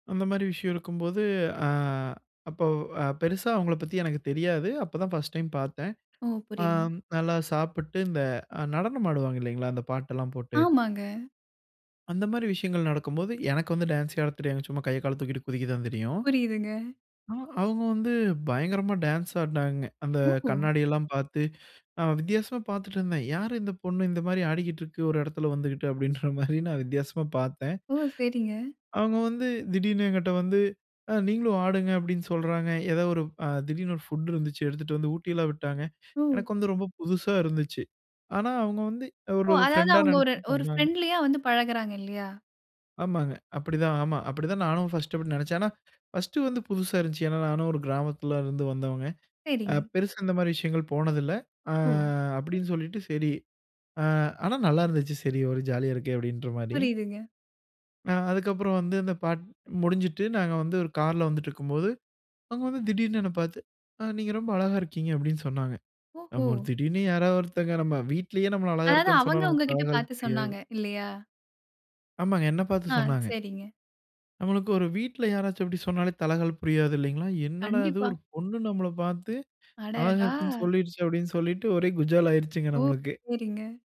அந்த மாரி விஷயம் இருக்கும்போது, அ அப்ப அ பெருசா அவுங்கள பத்தி எனக்கு தெரியாது. அப்பதான் ஃபர்ஸ்ட் டைம் பாத்தேன். ஓ! அ புரியுதுங்க. நல்லா சாப்புட்டு, இந்த நடனம் ஆடுவாங்க இல்லீங்களா! இந்த பாட்டெல்லாம் போட்டு ஆமாங்க. அந்த மாரி விஷயங்கள் நடக்கும்போது, எனக்கு வந்து டான்ஸே ஆடத் தெரியாது, சும்மா கைய கால தூக்கிட்டு குதிக்கத்தான் தெரியும். புரியுதுங்க. அ அவுங்க வந்து பயங்கரமா டான்ஸ் ஆடுனாங்க. அந்த ஓ! கண்ணாடியெல்லாம் பாத்து, நான் வித்தியாசமா பார்த்துட்டு இருந்தேன். "யார் இந்த பொண்ணு? இந்த மாரி ஆடிக்கிட்ருக்கு, ஒரு எடத்துல வந்துகிட்டு!" அப்டின்ற மாரி நான் வித்தியாசமா பார்த்தேன். ஓ! சரிங்க. அவுங்க வந்து திடீர்னு என்கிட்ட வந்து, "அ நீங்களும் ஆடுங்க" அப்டின்னு சொல்றாங்க. ஏதோ ஒரு அ திடீர்னு ஒரு ஃபுட் இருந்துச்சு, எடுத்துட்டு வந்து ஊட்டிலாம் விட்டாங்க. ஓ! எனக்கு வந்து ரொம்ப புதுசா இருந்துச்சு. ஆனா அவுங்க வந்து ஓ! ஒரு அதாவது ஃப்ரெண்டா அவங்க ஒரு நெனச்சு ஒரு பண்ணாங்க. பிரெண்ட்லியா வந்து பழகுறாங்க இல்லயா? ஆமாங்க. அப்டித்தான் ஆமா, அப்டித்தான் நானும் ஃபர்ஸ்ட் அப்டி நெனச்சேன். ஆனா, ஃபர்ஸ்ட் வந்து புதுசா இருந்துச்சு. ஏன்னா நானும் ஒரு கிராமத்துலருந்து வந்தவங்க. அ சேரிங்க. பெருசா இந்த மாரி விஷயங்கள் போனதில்ல. ஆ ஓ! அப்டின்னு சொல்லிட்டு சரி, அ ஆனா நல்லா இருந்துச்சு, சரி ஒரு ஜாலியா இருக்கே! அப்டின்ற மாரி. புரியுதுங்க. ஆ அதுக்கப்புறம் வந்து அந்த பாட் முடிஞ்சுட்டு நாங்க வந்து ஒரு கார்ல வந்துட்ருக்கும்போது, அவங்க வந்து திடீர்னு என்ன பாத்து, "அ நீங்க ரொம்ப அழகா இருக்கீங்க" அப்டின்னு சொன்னாங்க. ஓஹோ! நம்ம ஒரு திடீர்னு யாராவது ஒருத்தங்க நம்ம வீட்லேயே நம்மள அழகா அதாது இருக்கான்னு சொன்னா அவங்க நமக்கு உங்ககிட்ட தலகால் பாத்து புரியாது. சொன்னாங்க. இல்லையா? ஆமாங்க என்ன பாத்து ஆ, சொன்னாங்க. சரிங்க. நம்மளுக்கு ஒரு வீட்ல் யாராச்சும் அப்டி சொன்னாலே தலகால் புரியாது இல்லிங்களா! என்னடா இது கண்டிப்பா. ஒரு பொண்ணு நம்மள பாத்து, அழகா அடடா! இருக்குன்னு சொல்லிடுச்சு! அப்டின்னு சொல்லிட்டு ஒரே குஜால் ஆயிருச்சுங்க ஓ, நம்மளுக்கு. சேரிங்க.